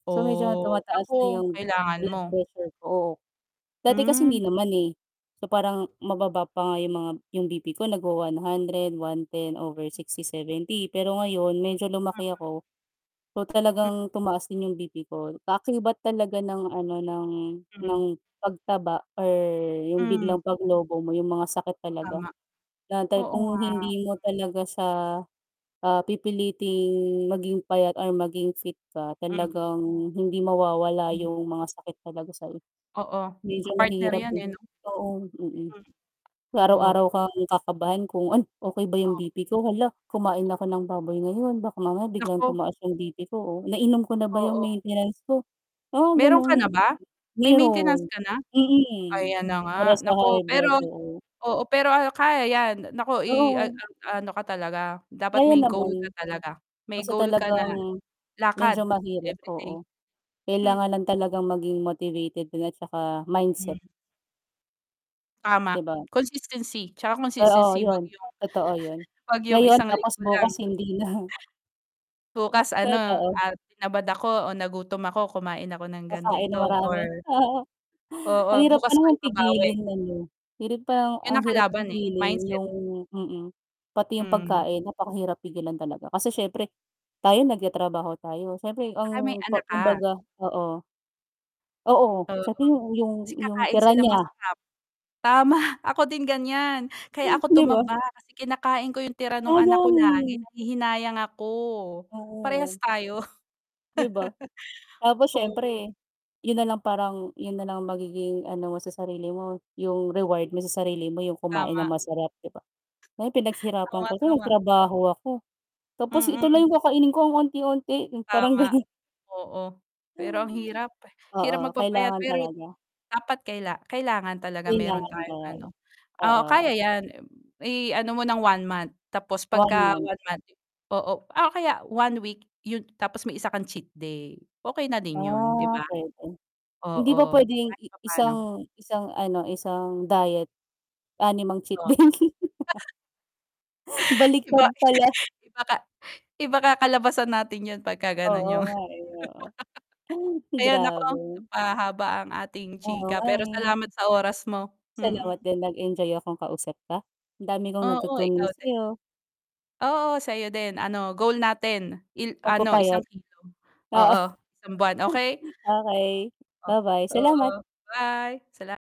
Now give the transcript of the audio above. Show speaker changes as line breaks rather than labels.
So, medyo nga
Oh,
tumataas na
naku,
'yong
kailangan
blood
mo
pressure ko. Dati kasi hindi
Hmm.
naman, eh. So, parang mababa pa nga 'yong mga 'yong BP ko nagwa-one hundred, 110 over
Mm.
60, 70, pero ngayon medyo lumaki
Mm.
ako so,
M
talagang tumaas din 'yong BP ko. Kaakibat talaga ng ano, ng
Hmm.
ng pagtaba or 'yong
Hmm.
biglang paglobo mo 'yong mga sakit talaga.
Tama.
Na tay
Oo
kung
nga.
hindi mo talaga siya, ah, pipiliting maging payat or maging fit ka,
Hmm.
talagang hindi mawawala
Hmm.
'yong mga sakit talaga sa'yo.
Oo,
Medyo
ka-partner
mahirap,
'yan,
eh.
eh, 'no?
Oo, mm.
Hmm. Oo.
Araw-araw kang kakabahan kung, "Ay, okey ba 'yong
Oo.
BP ko?" "Hala, kumain
Oh.
ako ng baboy ngayon. Baka mamaya biglang
Naku.
tumaas 'yong BP ko." O, "Nainom ko na ba 'yong
Oo.
maintenance ko?" Mga
Mayro'n ka na
gano'ng
ba? May maintenance
mayro'n.
ka na?
Mm,
Ayan na nga,
para sa
naku,
high
pero
blood, oo.
oo, pero, ah, kaya 'yan naku i a
Oo.
a ano ka talaga, dapat
Kaya
may goal ka
naman.
talaga. May
Basta
goal ka na
talagang
lakad
medyo mahirap,
every day.
oo.
M
Kailangan lang talagang maging motivated din at saka mindset.
Hmm. Tama
'Di ba?
consistency, 'tsaka
Oo,
consistency, huwag
'yon,
'yong,
totoo 'yon.
huwag 'yong
Ngayon
isang
tapos
linggo lang.
bukas hindi na.
Bukas, ano,
Totoo.
ah, tinamad ako o nagutom ako, kumain ako ng
Kakain nang
ganito or
marami.
oo
Ang hirap pa
bukas ko
namang
ibabawi.
pigilin no'n, 'no? Hirap pa 'yong
'Yan
ang
ang
hirap
kalaban, eh,
pigilin
mindset.
'yong mm, pati 'yong
Hmm.
pagkain napakahirap pigilan talaga. Kasi siyempre, tayo nagtatrabaho tayo, siyempre
'Tsaka may
ang pa
anak ka.
kumbaga, oo. Oo,
Oo,
sa ting 'yong 'yong
kasi
'yong
kakain
tira
silang
niya.
masarap. Tama, ako din ganiyan kaya ako
'Di ba?
tumaba kasi kinakain ko 'yong tira no'ng anak
Sayang,
ko lagi
eh.
nahihinayang ako. Parehas
Oo.
tayo.
'Di ba? Tapos
Oo.
siyempre 'yon na lang, parang 'yon na lang ang magiging ano mo sa sarili mo, 'yong reward mo sa sarili mo 'yong kumain ng
Tama.
masarap, 'di ba? Na 'yong,
Oo
"Pinaghirapan
nga,
ko 'to,
tama.
nagtrabaho ako. Tapos ito lang
Mm.
'yong kakainin ko, ang onti-onti?" 'Yong parang
Tama.
gano'n.
Oo. Pero ang hirap,
Oo,
hirap magpapayat
kailangan
pero
talaga.
dapat kaila kailangan talaga mayro'n
Kailangan
tayong ano.
talaga,
Oo, kaya
oo.
'yan. I-ano mo ng 1 month tapos
1
'pagka
month.
1 month oo, o kaya 1 week, 'yon, tapos may isa kang cheat day. Okay na din 'yon, 'di
Ah,
ba?
puwede. Hindi ba
Oo,
puwedeng
kahit
i
papaano.
1 1, ano, 1 diet, 6 ang cheat
O
day.
Iba
Baliktad pala.
iba ka iba kakalabasan natin 'yon 'pagka gano'n
Oo
'yong
nga, eh, oo. Ay,
Ayun, naku,
grabe.
napahaba ang ating
Oo
chika
nga,
pero salamat
eh.
sa oras mo, mm.
Salamat din. Nag-enjoy akong kausap ka, ang dami kong
Oo,
natutunan
ikaw
sa
din.
'yo.
Oo, sa 'yo din, ano, goal natin il ano isang
Magpapayat,
kilo,
oo.
oo, isang buwan, okey.
Okey,
O
ba-bye, salamat.
oo. Bye, salam